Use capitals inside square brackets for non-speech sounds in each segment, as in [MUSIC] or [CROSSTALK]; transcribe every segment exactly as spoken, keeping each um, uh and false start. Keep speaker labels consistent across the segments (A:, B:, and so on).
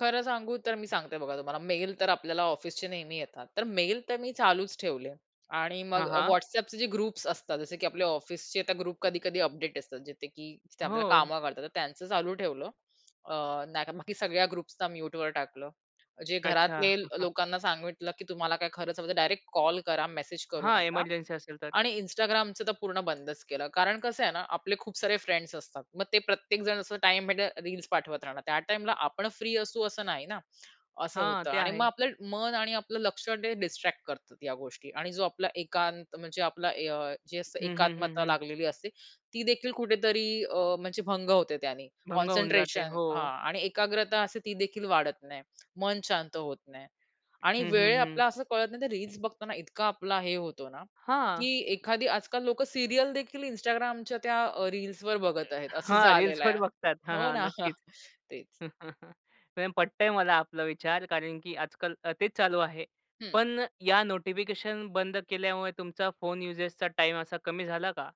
A: खरं सांगू तर मी सांगते बघा तुम्हाला. मेल तर आपल्याला ऑफिसचे नेहमी येतात. तर मेल तर मी चालूच ठेवले. आणि मग
B: हां,
A: अ,
B: हां.
A: WhatsAppचे जे ग्रुप्स असतात, जसे की आपले ऑफिसचे, त्या ग्रुप कधी-कधी अपडेट असतात, जिथे की आपल्याला
B: हो.
A: काम करता, तर त्यांचं चालू ठेवलं. अ, नाहीतर बाकी सगळ्या ग्रुप्सला म्यूटवर टाकलं. जे
B: अच्छा.
A: घरातले
B: [CHUCKLES]
A: लोकांना सांगितलं, की तुम्हाला काय खरंच हवं तर डायरेक्ट कॉल करा, मेसेज करू
B: हां,
A: नका.
B: ईमर्जन्सी असेल तर.
A: आणि Instagramचं तर पूर्ण बंदच केलं. कारण कसं आहे ना, आपले खूप सारे फ्रेंड्स असतात. मग ते प्रत्येक जण असं टाईम भेटेल, रील्स पाठवत राहणार. त्या टाईमला आपण फ्री असू, असं नाही ना? असं
B: हां,
A: होतं
B: ते
A: आणि मग
B: आहे.
A: आपलं मन आणि आपलं लक्ष, ते डिस्ट्रॅक्ट करतात या गोष्टी आणि जो आपला एकांत म्हणजे आपला अ, जे असतं
B: हं, हं, हं,
A: एकात्मता
B: हं.
A: लागलेली असते, ती देखील कुठेतरी अ, म्हणजे भंग होते त्यानी.
B: भंग होऊन जाते.
A: कॉन्सन्ट्रेशन
B: हो.
A: हां आणि एकाग्रता असे ती देखील वाढत नाही. मन शांत होत नाही. आणि
B: हं,
A: वेळ
B: हं, हं.
A: आपला असं कळत नाही तर रील्स बघताना इतका आपला हे होतो ना,
B: हां.
A: की एखादी आजकाल लोकं सीरियल देखील Instagramच्या त्या रील्सवर बघत आहेत, असं
B: हां.
A: झालेलं आहे.
B: रील्सवर बघतात. हां,
A: हो
B: हां.
A: ना
B: नक्कीच.
A: तेच.
B: [CHUCKLES] मॅम, पटतंय मला आपला विचार कारण, की आजकाल अ, तेच चालू आहे.
A: हं.
B: पण या नोटिफिकेशन बंद केल्यामुळे तुमचा फोन युजेचचा टाईम असा कमी झाला का?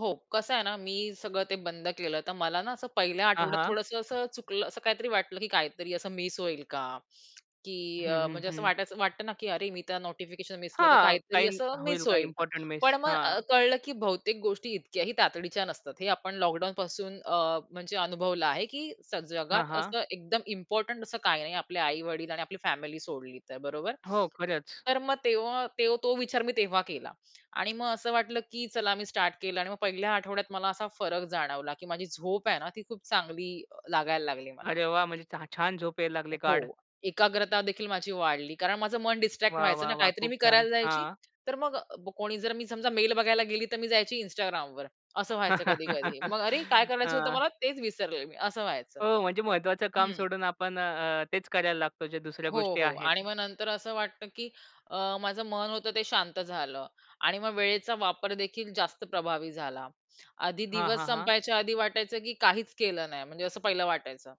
A: हो. कसं आहे ना, मी सगळं ते बंद केलं. तर मला ना, असं पहिल्या
B: हां,
A: आठवड्यात
B: हां.
A: थोडंसं असं चुकलं असं काहीतरी वाटलं, की काहीतरी असं मिस होईल का? की
B: हं,
A: अ,
B: हं,
A: म्हणजे असं
B: हं.
A: वाटायचं वाटतं ना, की अरे मी तर नोटिफिकेशन मिस केलं, तर
B: हां.
A: काहीतरी
B: काही
A: असं
B: होईल,
A: मिस
B: काही
A: होईल.
B: इम्पोर्टंट
A: पण
B: मिस.
A: मग अ,
B: हां.
A: कळलं, की बहुतेक गोष्टी इतक्या ही तातडीच्या नसतात. हे आपण लॉकडाउनपासून अ, म्हणजे अनुभवलं आहे, की स
B: हां,
A: जगात
B: हां.
A: असं एकदम इम्पोर्टंट असं काही नाही. आपले आई-वडील आणि आपली फॅमिली सोडली तर, बरोबर?
B: हो, खरंच.
A: तर मग तेव्हा तो तो विचार मी तेव्हा केला. आणि मग असं वाटलं, की चला मी स्टार्ट केलं आणि मग पहिल्या आठवड्यात मला असा फरक जाणवला, की माझी झोप आहे ना, ती खूप चांगली अ, लागायला लागली मला.
B: अरे, वाह! म्हणजे छा छान झोप यायला लागली
A: हो,
B: गाढ.
A: एकाग्रता देखील माझी वाढली. कारण माझं मन डिस्ट्रॅक्ट
B: वाह,
A: व्हायचं
B: वाह,
A: ना.
B: वाह!
A: काहीतरी
B: खूप
A: मी
B: छान.
A: करायला जायची.
B: हां.
A: तर मग कोणी जर, मी समजा मेल बघायला गेली, तर मी जायची Instagramवर. असं व्हायचं कधी-कधी. मग अरे! काय
B: [LAUGHS]
A: करायचं होतं
B: हां.
A: मला, तेच विसरले मी, असं व्हायचं.
B: हो. म्हणजे महत्त्वाचं काम
A: हं.
B: सोडून आपण अ, अ, तेच करायला लागतो, ज्या दुसऱ्या
A: हो,
B: गोष्टी
A: हो. आणि
B: आहेत.
A: मग नंतर असं वाटतं, की अ, माझं मन होतं ते शांत झालं. आणि मग वेळेचा वापर देखील जास्त प्रभावी झाला. आधी
B: हां,
A: दिवस
B: हां, हां.
A: संपायच्या आधी वाटायचं, की काहीच केलं नाही म्हणजे असं पहिलं वाटायचं.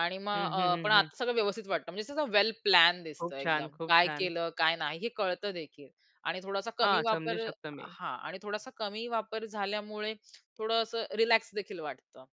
A: आणि
B: हं,
A: मग
B: हं,
A: अ, पण
B: हं, हं.
A: आता सगळं व्यवस्थित वाटतं. म्हणजे कसं वेल प्लॅन
B: खूप
A: दिसतं
B: छान,
A: एकदम,
B: खूप
A: काय
B: छान.
A: केलं काय नाही हे कळत देखील. आणि थोडासा कमी
B: हां, समजू
A: वापर
B: शकतो मी.
A: हां, आणि थोडासा कमी वापर झाल्यामुळे थोडं असं रिलॅक्स देखील वाटतं.